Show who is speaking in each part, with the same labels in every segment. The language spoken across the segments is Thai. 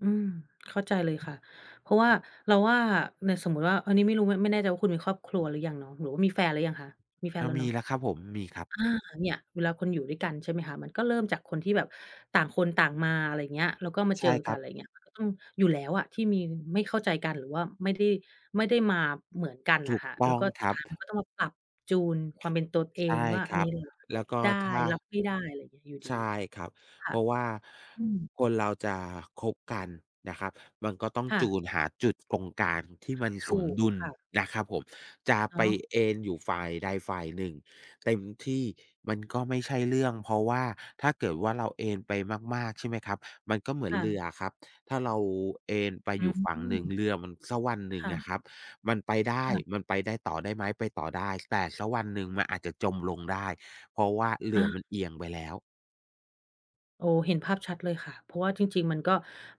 Speaker 1: อืม เข้าใจเลยค่ะ เพราะว่าเราว่า เนี่ยสมมุติว่าอันนี้ไม่รู้ มันไม่แน่ใจว่า คุณมีครอบครัวหรือยังเนาะ? หรือว่ามีแฟนหรือยังคะ? มีแฟ
Speaker 2: อ
Speaker 1: น
Speaker 2: ะ
Speaker 1: แล้ว
Speaker 2: ม
Speaker 1: เ
Speaker 2: ี
Speaker 1: นาะ?
Speaker 2: แล้วครับผม มีครับ
Speaker 1: อา เนี่ย เวลาคนอยู่ด้วยกัน ใช่ไหมคะ มันก็เริ่มจากคนที่แบบต่างคนต่างมา อะไรอย่างเงี้ย แล้วก็มา
Speaker 2: ใ
Speaker 1: เ
Speaker 2: ช
Speaker 1: จ
Speaker 2: ่
Speaker 1: อ
Speaker 2: ค
Speaker 1: ก
Speaker 2: ร
Speaker 1: ั
Speaker 2: ั
Speaker 1: น อ
Speaker 2: บ
Speaker 1: ะไรอย่างเงี้ย อืม อยู่แล้วอะที่มีไม่เข้าใจกัน หรือว่าไม่ได้ ไม่ได้มาเหมือนกัน
Speaker 2: ถ
Speaker 1: น่ะ
Speaker 2: ู
Speaker 1: ค
Speaker 2: ก
Speaker 1: ่ะ
Speaker 2: ต
Speaker 1: แล
Speaker 2: ้
Speaker 1: ้
Speaker 2: อ
Speaker 1: ว
Speaker 2: ง
Speaker 1: ก็
Speaker 2: ค
Speaker 1: สุ
Speaker 2: ร
Speaker 1: ด
Speaker 2: ั
Speaker 1: ท
Speaker 2: บ
Speaker 1: ้ายมันก็ต้องมาปรับจูนความเป็นตนเอ
Speaker 2: ใช
Speaker 1: ง
Speaker 2: ่
Speaker 1: ว่า
Speaker 2: ค
Speaker 1: อั
Speaker 2: ร
Speaker 1: น
Speaker 2: ั
Speaker 1: นี้
Speaker 2: บ
Speaker 1: เรา
Speaker 2: แล
Speaker 1: รั
Speaker 2: ้
Speaker 1: บ
Speaker 2: วก็
Speaker 1: ได้
Speaker 2: ถ้า
Speaker 1: รับไม่ได้อยู่
Speaker 2: ใ
Speaker 1: ดี
Speaker 2: ช่ครับ
Speaker 1: ค
Speaker 2: เ
Speaker 1: ่
Speaker 2: พ
Speaker 1: ะ
Speaker 2: ราะว่า
Speaker 1: อืม
Speaker 2: คนเราจะคบกันนะครับ มันก็ต้อง
Speaker 1: ค่
Speaker 2: จ
Speaker 1: ะ
Speaker 2: ูนหาจุดตรงกลางที่มันส
Speaker 1: ถ
Speaker 2: ม
Speaker 1: ูก
Speaker 2: ดุล
Speaker 1: ค่ะ
Speaker 2: นะครับผม จะ
Speaker 1: อ๋
Speaker 2: ไป
Speaker 1: อ
Speaker 2: เอนอยู่ฝ่ายใดฝ่ายหนึ่งเต็มที่มันก็ไม่ใช่เรื่อง เพราะว่าถ้าเกิดว่าเราเอนไปมาก ๆ ใช่ไหมครับ มันก็เหมือ
Speaker 1: ค
Speaker 2: น
Speaker 1: ่
Speaker 2: เรื
Speaker 1: ะ
Speaker 2: ออะครับ ถ้าเราเอนไป
Speaker 1: อ
Speaker 2: อ
Speaker 1: ื
Speaker 2: ยู่ฝั่งหนึ่ง
Speaker 1: ม
Speaker 2: เรือมันสักวันหนึ่ง
Speaker 1: ค่
Speaker 2: อ
Speaker 1: ะ
Speaker 2: ะครับ มันไปได
Speaker 1: ค
Speaker 2: ้
Speaker 1: ่ะ
Speaker 2: มันไปได้ต่อได้ไหม? ไปต่อได้ แต่สักวันหนึ่งมันอาจจะจมลงได้ เพราะว่าเร
Speaker 1: อ
Speaker 2: ือ
Speaker 1: า
Speaker 2: มันเอียงไปแล้ว
Speaker 1: โอ้ เห็นภาพชัดเลยค่ะ เพราะว่าจริง ๆ มันก็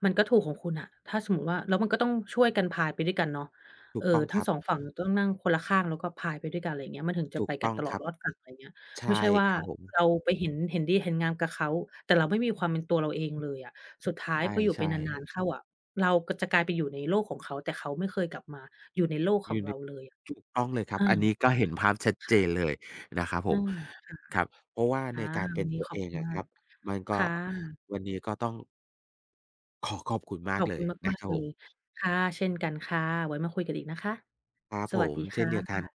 Speaker 1: มันก็ถูกของคุณน่ะ ถ้าสมมุติว่า แล้วมันก็ต้องช่วยกันพายไปด้วยกันเนาะ
Speaker 2: ถู
Speaker 1: เ
Speaker 2: ก
Speaker 1: อ
Speaker 2: ต้
Speaker 1: อ
Speaker 2: อง
Speaker 1: ทั
Speaker 2: ค
Speaker 1: ้
Speaker 2: ร
Speaker 1: ง
Speaker 2: ับ
Speaker 1: สองฝั่งต้องนั่งคนละข้าง แล้วก็พายไปด้วยกัน อะไรอย่างเงี้ย มันถึงจ
Speaker 2: ถ
Speaker 1: ะ
Speaker 2: ู
Speaker 1: ไป
Speaker 2: ก
Speaker 1: ก
Speaker 2: ต
Speaker 1: ั
Speaker 2: ้
Speaker 1: น
Speaker 2: อง
Speaker 1: ตลอ
Speaker 2: คร
Speaker 1: ด
Speaker 2: ับ
Speaker 1: รอดฝั่ง อะไรเงี้ย
Speaker 2: ใช
Speaker 1: ไม่ใ
Speaker 2: ่
Speaker 1: ช่ว่า
Speaker 2: ครับผม
Speaker 1: เราไปเห็น เห็นดีเห็นงามกับเขา แต่เราไม่มีความเป็นตัวเราเองเลยอะ สุดท้า
Speaker 2: ใ
Speaker 1: ยพออยู่ไ
Speaker 2: ช
Speaker 1: ป
Speaker 2: ่
Speaker 1: นา
Speaker 2: ๆ
Speaker 1: น ๆ เข้าอะ เราก็จะกลายไปอยู่ในโลกของเขา แต่เขาไม่เคยกลับมาอยู่ในโลก
Speaker 2: อ
Speaker 1: ข
Speaker 2: ยู
Speaker 1: อ
Speaker 2: ่
Speaker 1: ง
Speaker 2: ใน
Speaker 1: เราเลย
Speaker 2: ถูกต้องเลยครับ
Speaker 1: อา
Speaker 2: อันนี้ก็เห็นภาพชัด
Speaker 1: ค
Speaker 2: เจ
Speaker 1: ่ะ
Speaker 2: นเลยนะครับผ
Speaker 1: อื
Speaker 2: ม
Speaker 1: ม ค่ะ
Speaker 2: ครับ เพราะว่า
Speaker 1: ค
Speaker 2: ใ
Speaker 1: ่ะ
Speaker 2: นการ
Speaker 1: ว
Speaker 2: เ
Speaker 1: ั
Speaker 2: ป็
Speaker 1: น
Speaker 2: น
Speaker 1: นี้
Speaker 2: ตัว
Speaker 1: ขอ
Speaker 2: เอ
Speaker 1: บค
Speaker 2: ง
Speaker 1: ุณ
Speaker 2: อ
Speaker 1: ม
Speaker 2: ะ
Speaker 1: า
Speaker 2: คร
Speaker 1: ก
Speaker 2: ับ มันก็
Speaker 1: ค่ะ
Speaker 2: วันนี้ก็ต้อง ขอขอบคุณม
Speaker 1: ข
Speaker 2: าก
Speaker 1: อบ
Speaker 2: เล
Speaker 1: คุ
Speaker 2: ย
Speaker 1: ณ
Speaker 2: น
Speaker 1: ม
Speaker 2: ะ
Speaker 1: าก
Speaker 2: ครั
Speaker 1: ๆ เ
Speaker 2: บ
Speaker 1: ล
Speaker 2: ผ
Speaker 1: ย
Speaker 2: ม
Speaker 1: ค่ะ เช่นกันค่ะ ไว้มาคุยกันอีกนะคะ
Speaker 2: ครับ
Speaker 1: ส
Speaker 2: ผ
Speaker 1: วัสด
Speaker 2: ม
Speaker 1: ี
Speaker 2: เช
Speaker 1: ค
Speaker 2: ่
Speaker 1: ่
Speaker 2: นเดียวกัน
Speaker 1: ะ